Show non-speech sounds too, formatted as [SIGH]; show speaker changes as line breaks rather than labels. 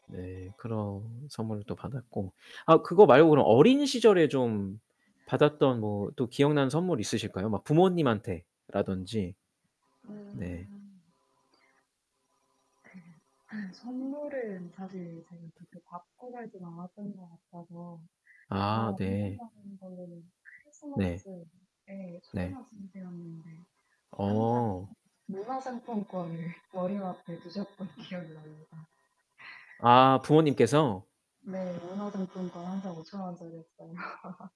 네. 그런 선물을 또 받았고. 아 그거 말고 그럼 어린 시절에 좀 받았던 뭐 또 기억나는 선물 있으실까요 막 부모님한테라던지? 네.
음. [LAUGHS] 선물은 사실 제가 그렇게 받고 살진 않았던 것 같아서
아
그나마
네.
생각나는 걸로는
네.
크리스마스에
네.
초등학생 때였는데 항상
어.
문화상품권을 머리맡에 두셨던 기억이 납니다. [LAUGHS]
아 부모님께서?
네. 문화상품권 항상 5,000 원짜리였어요. [LAUGHS]